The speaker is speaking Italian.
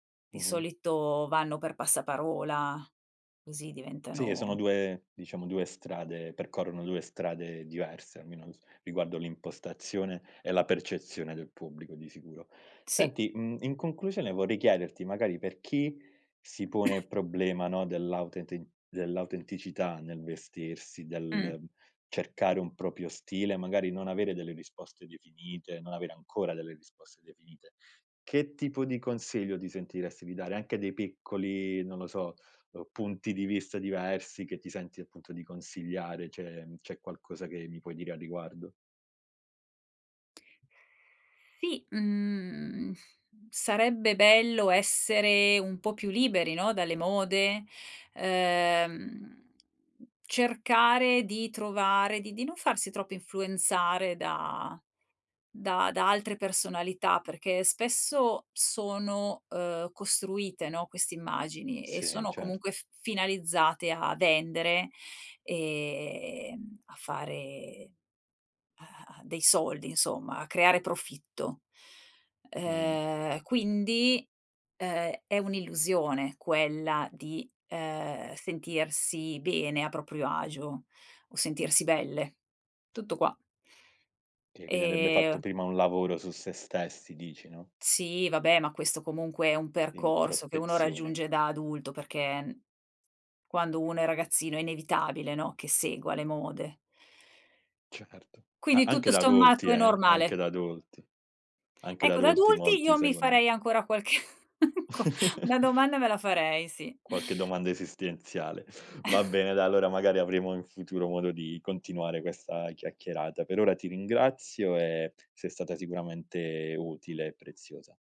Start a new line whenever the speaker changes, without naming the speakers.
Di
Mh-mh.
solito vanno per passaparola, così
Sì, sono
diventano
2, diciamo, 2 strade. Percorrono 2 strade diverse, almeno s riguardo l'impostazione e la percezione del pubblico, di sicuro.
Sì.
Senti, mhmm, in conclusione vorrei chiederti magari, per chi si pone il problema, no, dell'autenti dell'autenticità nel vestirsi,
Mh.
del cercare un proprio stile, magari non avere delle risposte definite, non avere ancora delle risposte definite. Che tipo di consiglio ti sentiresti di dare? Anche dei piccoli, non lo so, uhm, punti di vista diversi che ti senti appunto di consigliare. C'è c'è qualcosa che mi puoi dire a riguardo?
Sì, mhmm, sarebbe bello essere un po' più liberi, no, dalle mode, uhm, cercare di trovare, di di non farsi troppo influenzare da da da altre personalità perché spesso sono, uhm, costruite, no, queste immagini, e
Sì,
sono comunque
certo.
f finalizzate a vendere, ehm, a fare a a a dei soldi, insomma, a creare profitto,
Mh-mh.
ehm, quindi, ehm, è un'illusione quella di, ehm, sentirsi bene a proprio agio o sentirsi belle. Tutto qua.
Sì, quindi andrebbe fatto
E
prima un lavoro su se stessi dici, no?
Sì, vabbè, ma questo comunque è un
Di
percorso che uno
introspezione.
raggiunge da adulto perché quando uno è ragazzino è inevitabile, no, che segua le mode.
Certo. A
Quindi
anche
tutto
da adulti,
sommato è
eh.
normale.
Anche da adulti. Anche da
Ecco da
adulti
adulti
molti
io mi
seguono
farei ancora qualche qua una domanda me la farei, sì.
Qualche domanda esistenziale. Va bene, dai, allora magari avremo in futuro modo di continuare questa chiacchierata. Per ora ti ringrazio e sei stata sicuramente utile e preziosa.